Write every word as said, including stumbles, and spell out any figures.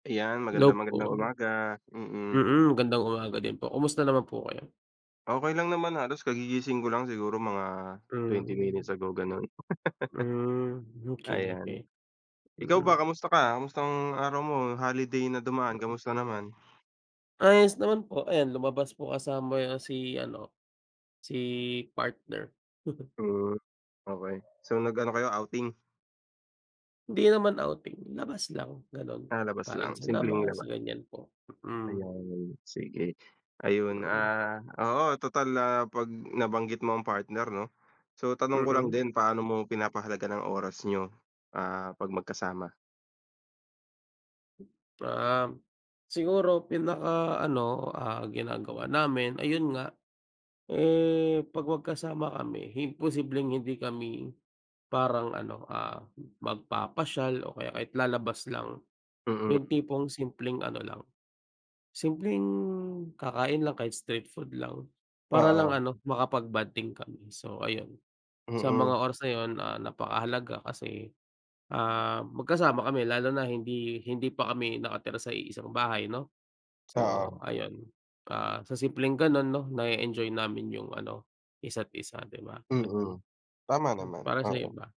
Ayan. Magandang, Hello magandang po. umaga. Mm. Mm, gandang umaga din po. Kumusta naman po kayo? Okey lang naman halos kagigising ko lang. Siguro mga twenty minutes Hmm. ago, gano'n. Hmm, okey, Ayan. okey. Ikaw ba Mm. kamusta ka? Kamusta ang araw mo no'ng holiday na dumaan Mm. kamusta naman? Ayos naman po. Ayan, lumabas po kasama yung si ano, si partner. Hmm, okey. So, nag-ano kayo, outing? Hindi naman outing, labas lang gano'n. Ah, labas Kain lang. sa Simpleng labas, labas. ganyan po, mm. Ayan, sige. Ayun, Mm. ah oo, total, ah, napag nabanggit mo ang partner 'no, so tanong ko lang Mm. din, paano mo pinapahalagan ang oras niyo, ah, 'pag magkasama? Um, siguro pinakaano, ah, ginagawa namin ayun nga, eh, 'pag magkasama kami imposibleng hindi kami parang ano, ah, magpapasyal o kaya kahit lalabas lang. Mm. Yung tipong simpleng ano lang, simpleng kakain lang kahit street food lang para lang Oo. ano, makapag-bonding kami. So, ayun. Sa Mm. mga oras na 'yon, ah, napakahalaga kasi, ah, magkasama kami lalo na hindi hindi pa kami nakatira sa iisang bahay 'no. So, Oo. ayun, ah, sa simpleng gano'n 'no na-e-enjoy namin yung ano, isa't isa, 'di ba, gano'n. Mm, tama Mm, naman, para sa'yo oo. ba?